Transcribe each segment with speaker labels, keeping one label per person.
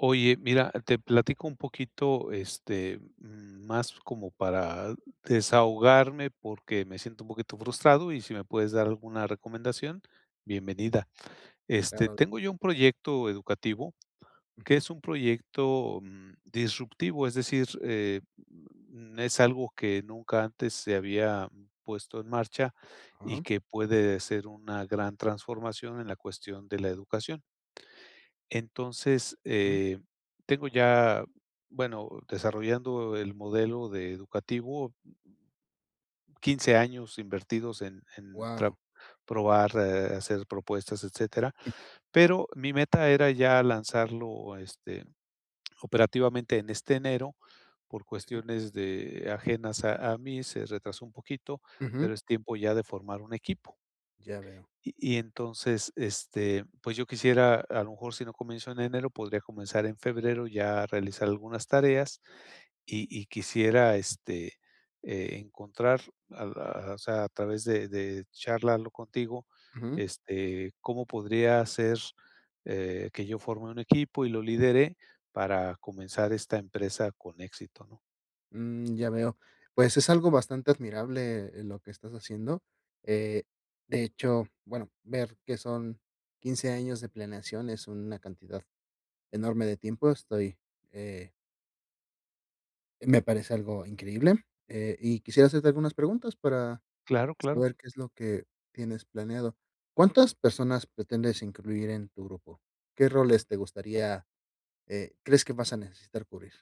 Speaker 1: Oye, mira, te platico un poquito. Este, más como para desahogarme, porque me siento un poquito frustrado, y si me puedes dar alguna recomendación, bienvenida. Este,
Speaker 2: Claro.
Speaker 1: tengo yo un proyecto educativo, que
Speaker 2: Ujú.
Speaker 1: es un proyecto, mm, disruptivo. Es decir, eh, es algo que nunca antes se había puesto en marcha, y
Speaker 2: Ajá.
Speaker 1: que puede ser una gran transformación, en la cuestión de la educación. Entonces,
Speaker 2: Ujú.
Speaker 1: eh, tengo ya bueno, desarrollando el modelo de educativo, 15 años, invertidos en en trap
Speaker 2: Guau.
Speaker 1: probar, eh, hacer propuestas, etcétera. Pero, mi meta era ya lanzarlo, este, operativamente, en este enero. Por
Speaker 2: Si.
Speaker 1: cuestiones de ajenas a a mí, se retrasó un poquito. Pero
Speaker 2: Ujú.
Speaker 1: es tiempo ya, de formar un equipo.
Speaker 2: Ya veo.
Speaker 1: Y y entonces, este, pues yo quisiera, a lo mejor, si no comienzo en enero, podría comenzar en febrero, ya a realizar algunas tareas. Y y quisiera, este, eh, encontrar, al a O sea, a través de de Charlarlo contigo,
Speaker 2: Ujú.
Speaker 1: este, cómo podría ser, eh, que yo forme un equipo, y lo lidere, para comenzar esta empresa con éxito, ¿no?
Speaker 2: Mm, ya veo. Pues, es algo bastante admirable, eh, lo que estás haciendo. Eh, de hecho bueno, ver que son 15 años de planeación, es una cantidad enorme de tiempo. Estoy, eh Me parece algo increíble. Eh, y quisiera hacerte algunas preguntas, para
Speaker 1: Claro, claro.
Speaker 2: saber qué es lo que tienes planeado. ¿Cuántas personas, pretendes incluir en tu grupo? ¿Qué roles te gustaría, eh, crees que vas a necesitar cubrir?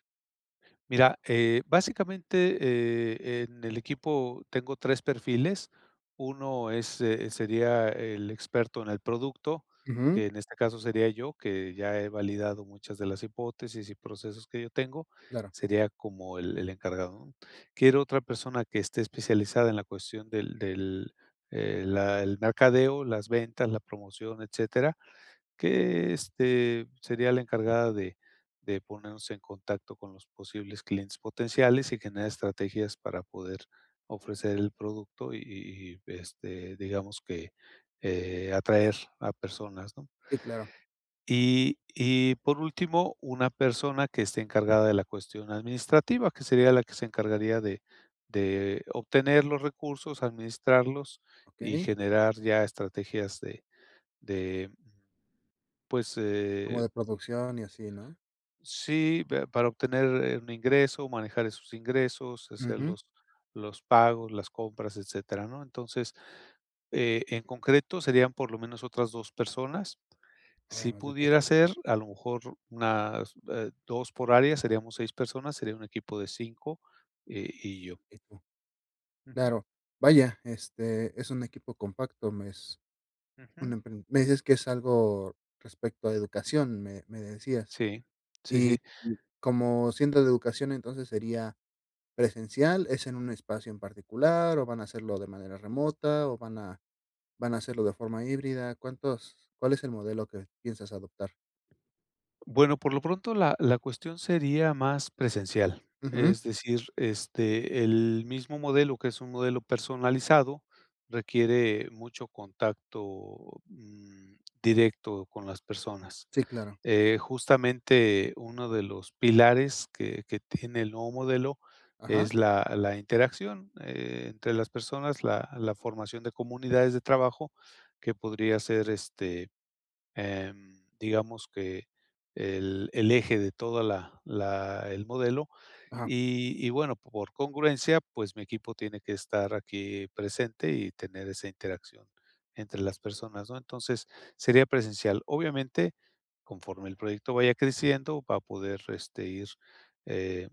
Speaker 1: Mira, eh, básicamente, eh, en el equipo tengo 3 perfiles, uno es, eh, sería el experto en el producto,
Speaker 2: Ujú.
Speaker 1: que en este caso sería yo, que ya he validado muchas de las hipótesis y procesos que yo tengo,
Speaker 2: Claro.
Speaker 1: sería como el el encargado, ¿no? Quiero otra persona que esté especializada en la cuestión del del, eh, la el mercadeo, las ventas, la promoción, etcétera, que, este, sería la encargada de de ponernos en contacto con los posibles clientes potenciales y generar estrategias para poder ofrecer el producto y y, este, digamos que, eh, atraer a personas, ¿no?
Speaker 2: Sí, claro.
Speaker 1: Y y, por último, una persona que esté encargada de la cuestión administrativa, que sería la que se encargaría de de obtener los recursos, administrarlos y
Speaker 2: Okey.
Speaker 1: generar ya estrategias de de, mm, pues,
Speaker 2: Como
Speaker 1: eh.
Speaker 2: de producción y así, ¿no?
Speaker 1: Sí, pero para obtener, eh, un ingreso, manejar esos ingresos, hacer
Speaker 2: Ujú.
Speaker 1: los los pagos, las compras, etcétera, ¿no? Entonces, eh, en concreto, serían por lo menos otras 2 personas. Si
Speaker 2: Además de que.
Speaker 1: pudiera ser, a lo mejor, unas, eh, 2 por área, seríamos 6 personas, sería un equipo de 5, eh, y yo.
Speaker 2: Eh, co
Speaker 1: Ujú.
Speaker 2: claro, vaya, este, es un equipo compacto, me es un
Speaker 1: Ujú.
Speaker 2: empren me dices que es algo respecto a educación, me me decías.
Speaker 1: Sí, sí,
Speaker 2: Y
Speaker 1: sí.
Speaker 2: y como siendo de educación, entonces, ¿sería presencial? ¿Es en un espacio en particular o van a hacerlo de manera remota o van a van a hacerlo de forma híbrida? ¿Cuántos cuál es el modelo que piensas adoptar?
Speaker 1: Bueno, por lo pronto, la la cuestión sería más presencial,
Speaker 2: Ujú.
Speaker 1: es decir, este, el mismo modelo, que es un modelo personalizado, requiere mucho contacto, mm, directo con las personas.
Speaker 2: Sí, claro.
Speaker 1: Eh, justamente uno de los pilares que que tiene el nuevo modelo
Speaker 2: Ajá.
Speaker 1: es la la interacción entre las personas, la la formación de comunidades de trabajo, que podría ser, este, em digamos que el el eje de toda la la el modelo,
Speaker 2: Ajá.
Speaker 1: y y bueno, por congruencia, pues mi equipo tiene que estar aquí presente y tener esa interacción entre las personas ¿no? Entonces, sería presencial. Obviamente, conforme el proyecto vaya creciendo, va a poder, este, ir eh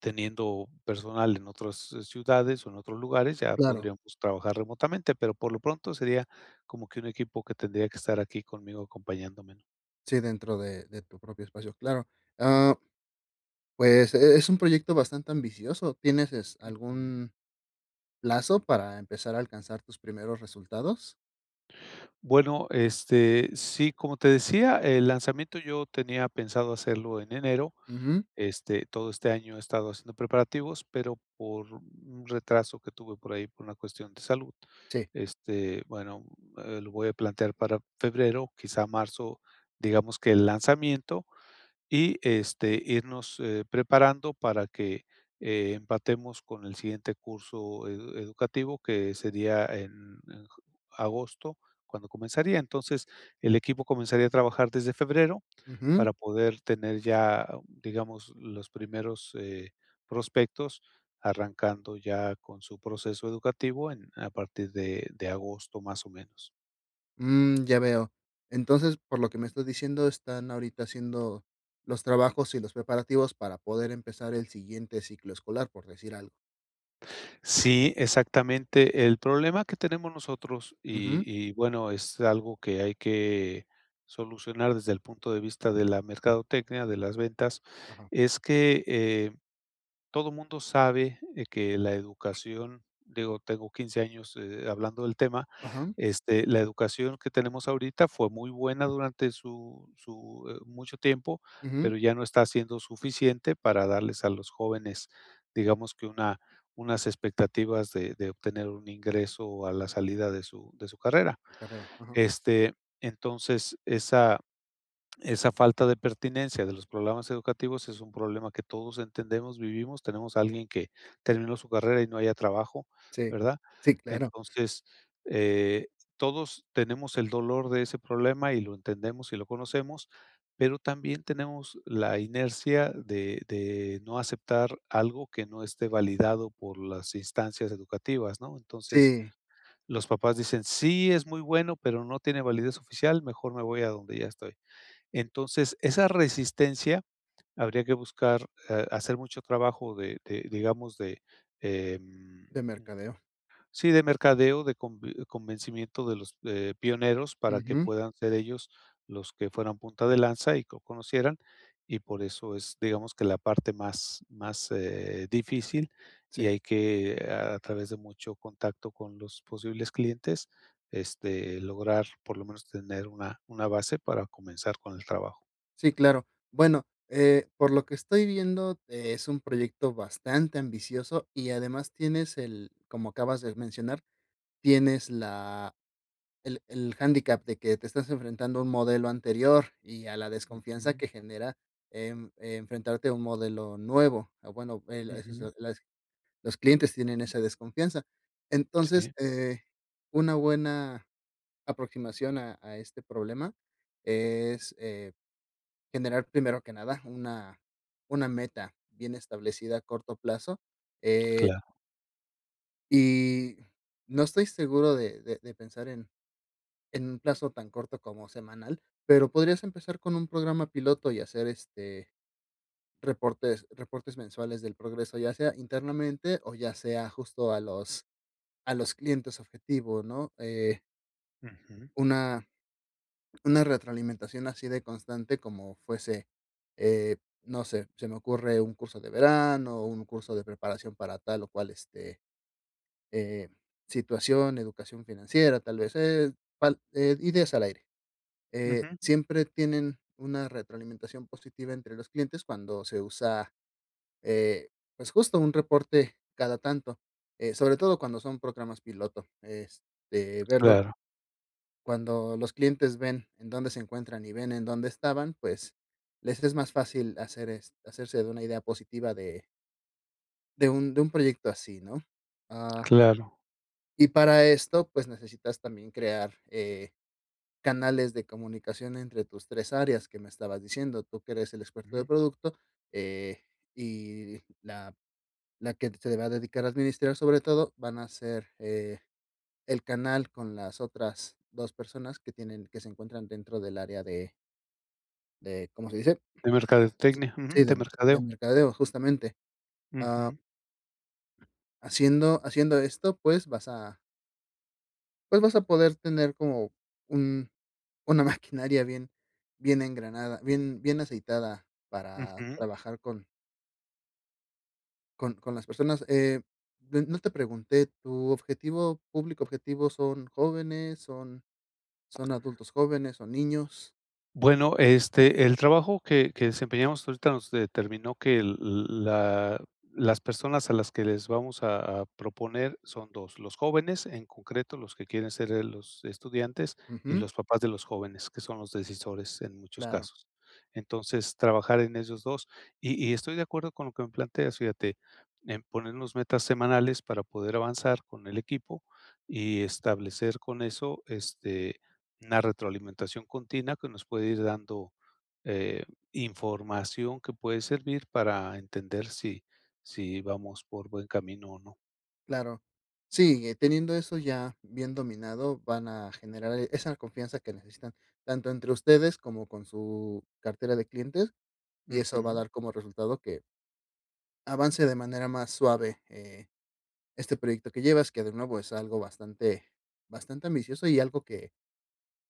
Speaker 1: teniendo personal en otras ciudades o en otros lugares, ya
Speaker 2: Claro.
Speaker 1: podríamos trabajar remotamente. Pero por lo pronto sería como que un equipo que tendría que estar aquí conmigo acompañándome, ¿no?
Speaker 2: Sí, dentro de de tu propio espacio, claro.
Speaker 1: Ujú.
Speaker 2: Ah, pues e es un proyecto bastante ambicioso, ¿tienes es
Speaker 1: Ujú.
Speaker 2: algún plazo para empezar a alcanzar tus primeros resultados?
Speaker 1: Bueno, este, sí, como te decía, el lanzamiento yo tenía pensado hacerlo en enero.
Speaker 2: Ujú.
Speaker 1: Este, todo este año he estado haciendo preparativos, pero por un retraso que tuve por ahí por una cuestión de salud,
Speaker 2: Sí.
Speaker 1: este, bueno, eh, lo voy a plantear para febrero, quizá marzo, digamos que el lanzamiento. Y, este, irnos, eh, preparando para que, eh, empatemos con el siguiente curso ed educativo, que sería en en j agosto, cuando comenzaría. Entonces, el equipo comenzaría a trabajar desde febrero
Speaker 2: Ujú.
Speaker 1: para poder tener ya, digamos, los primeros, eh, prospectos arrancando ya con su proceso educativo en a partir de de agosto, más o menos.
Speaker 2: Mm, ya veo. Entonces, por lo que me estás diciendo, están ahorita haciendo los trabajos y los preparativos para poder empezar el siguiente ciclo escolar, por decir algo.
Speaker 1: Sí, exactamente. El problema que tenemos nosotros, y
Speaker 2: Ujú.
Speaker 1: y bueno, es algo que hay que solucionar desde el punto de vista de la mercadotecnia, de las ventas,
Speaker 2: Ajá.
Speaker 1: es que, eh, todo mundo sabe que la educación digo, tengo 15 años, eh, hablando del tema,
Speaker 2: Ajá.
Speaker 1: este, la educación que tenemos ahorita fue muy buena durante su su, eh, mucho tiempo,
Speaker 2: Ujú.
Speaker 1: pero ya no está siendo suficiente para darles a los jóvenes, digamos que una unas expectativas de de obtener un ingreso a la salida de su de su carrera.
Speaker 2: Carrera, ajá.
Speaker 1: Este, entonces, esa esa falta de pertinencia de los programas educativos es un problema que todos entendemos, vivimos, tenemos a alguien que terminó su carrera y no halla trabajo,
Speaker 2: Sí,
Speaker 1: ¿verdad?
Speaker 2: sí, claro.
Speaker 1: Entonces, eh, todos tenemos el dolor de ese problema y lo entendemos y lo conocemos, pero también tenemos la inercia de de no aceptar algo que no esté validado por las instancias educativas, ¿no? Entonces,
Speaker 2: Si.
Speaker 1: los papás dicen: "Sí, es muy bueno, pero no tiene validez oficial, mejor me voy a donde ya estoy". Entonces, esa resistencia habría que buscar, eh, hacer mucho trabajo de de, digamos, de, em
Speaker 2: De mercadeo.
Speaker 1: sí, de mercadeo, de convi convencimiento de los de pioneros para que
Speaker 2: Ujú.
Speaker 1: puedan ser ellos los que fueran punta de lanza y que conocieran, y por eso es, digamos, que la parte más más, eh, difícil, y
Speaker 2: Si.
Speaker 1: hay que, a través de mucho contacto con los posibles clientes, este, lograr, por lo menos, tener una una base para comenzar con el trabajo.
Speaker 2: Sí, claro. Bueno, eh, por lo que estoy viendo, es un proyecto bastante ambicioso y además tienes el, como acabas de mencionar, tienes la el el handicap de que te estás enfrentando a un modelo anterior y a la desconfianza
Speaker 1: Ujú.
Speaker 2: que genera, em, enfrentarte a un modelo nuevo. O bueno, el, eso es
Speaker 1: Ujú.
Speaker 2: la las los clientes tienen esa desconfianza. Entonces
Speaker 1: Si.
Speaker 2: eh, una buena aproximación a a este problema es, eh, generar, primero que nada, una una meta bien establecida a corto plazo, eh.
Speaker 1: Claro.
Speaker 2: Y, no estoy seguro de de de pensar en en un plazo tan corto como semanal, pero podrías empezar con un programa piloto y hacer, este, reportes reportes mensuales del progreso. Ya sea internamente o ya sea justo a los a los clientes objetivo, ¿no? eh
Speaker 1: Ujú.
Speaker 2: una una retroalimentación así de constante como fuese, eh, no sé. Se me ocurre un curso de verano o un curso de preparación para tal o cual, este, eh, situación, educación financiera, tal vez es al eh, ideas al aire. Eh,
Speaker 1: Ujú.
Speaker 2: siempre tienen una retroalimentación positiva entre los clientes cuando se usa, eh, pues justo un reporte cada tanto. Eh, sobre todo cuando son programas piloto. Este, verlo
Speaker 1: Claro.
Speaker 2: cuando los clientes ven en dónde se encuentran y ven en dónde estaban, pues les es más fácil hacer est hacerse de una idea positiva de de un de un proyecto así ¿no? Ah
Speaker 1: Claro.
Speaker 2: y para esto, pues, necesitas también crear, eh, canales de comunicación entre tus 3 áreas que me estabas diciendo, tú que eres el experto de
Speaker 1: Ujú.
Speaker 2: producto, eh, y la la que se le va a dedicar a administrar sobre todo van a ser, eh, el canal con las otras 2 personas que tienen que se encuentran dentro del área de. De, ¿cómo se dice?
Speaker 1: De
Speaker 2: Sí,
Speaker 1: mercadotecnia,
Speaker 2: sí
Speaker 1: ujú, de
Speaker 2: de, del
Speaker 1: mercadeo.
Speaker 2: mercadeo justamente, ah
Speaker 1: Ujú.
Speaker 2: haciendo haciendo esto, pues, vas a pues vas a poder tener, como un una maquinaria bien bien engranada bien bien aceitada para
Speaker 1: Ujú.
Speaker 2: trabajar con con con las personas. Eh, de no te pregunté, ¿tu objetivo público objetivo son jóvenes son son adultos jóvenes, son niños?
Speaker 1: Bueno, este, el trabajo que que desempeñamos ahorita nos determinó que el, l la las personas a las que les vamos a a proponer son 2 dos, los jóvenes, en concreto, los que quieren ser, eh, los estudiantes, y
Speaker 2: Ujú.
Speaker 1: los papás de los jóvenes, que son los decisores en muchos
Speaker 2: Claro.
Speaker 1: casos. Entonces, trabajar en esos dos. Y y estoy de acuerdo con lo que me planteas, fíjate, en ponernos metas semanales para poder avanzar con el equipo y establecer con eso, este, una retroalimentación continua que nos puede ir dando, eh, información que puede servir para entender si si vamos por buen camino o no.
Speaker 2: Claro, sí, teniendo eso ya bien dominado van a generar esa confianza que necesitan, tanto entre ustedes como con su cartera de clientes, y eso va a
Speaker 1: Ujú.
Speaker 2: dar como resultado que, avance de manera más suave, eh, este proyecto que llevas, que de nuevo es algo bastante, bastante ambicioso y algo que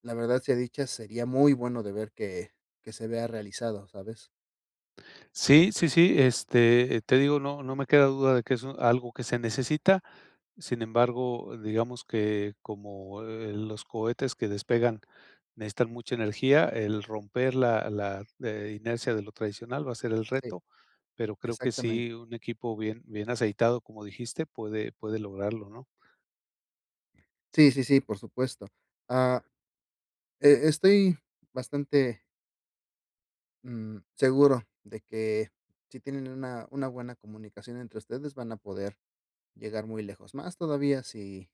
Speaker 2: la verdad, sea dicha sería muy bueno de ver que que se vea realizado, ¿sabes?
Speaker 1: Sí, sí, sí, este, te digo, no no me queda duda de que es algo que se necesita, sin embargo, digamos que como, eh, los cohetes que despegan necesitan mucha energía, el romper la la inercia de lo tradicional va a ser el
Speaker 2: Sí,
Speaker 1: reto, pero creo que sí
Speaker 2: exactamente.
Speaker 1: un equipo bien bien aceitado, como dijiste, puede puede lograrlo, ¿no?
Speaker 2: Sí, sí, sí, por supuesto. Ah, e estoy bastante mm, seguro de que si tienen una una buena comunicación entre ustedes van a poder llegar muy lejos. Más todavía si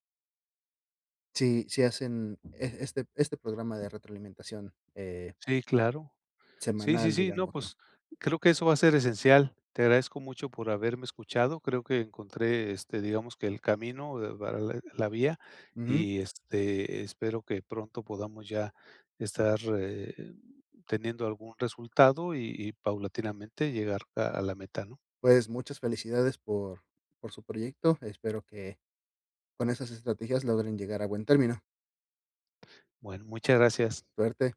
Speaker 2: si si hacen e este este programa de retroalimentación. Eh
Speaker 1: Sí, claro. Sí, sí,
Speaker 2: semanal,
Speaker 1: sí, no,
Speaker 2: digámoslo.
Speaker 1: pues, creo que eso va a ser esencial. Te agradezco mucho por haberme escuchado. Creo que encontré, este, digamos que el camino de para de a la vía.
Speaker 2: Ujú.
Speaker 1: Y, este, espero que pronto podamos ya estar, eh, teniendo algún resultado y y paulatinamente llegar a a la meta, ¿no?
Speaker 2: Pues muchas felicidades por por su proyecto. Espero que, con esas estrategias logren llegar a buen término.
Speaker 1: Bueno, muchas gracias.
Speaker 2: Suerte.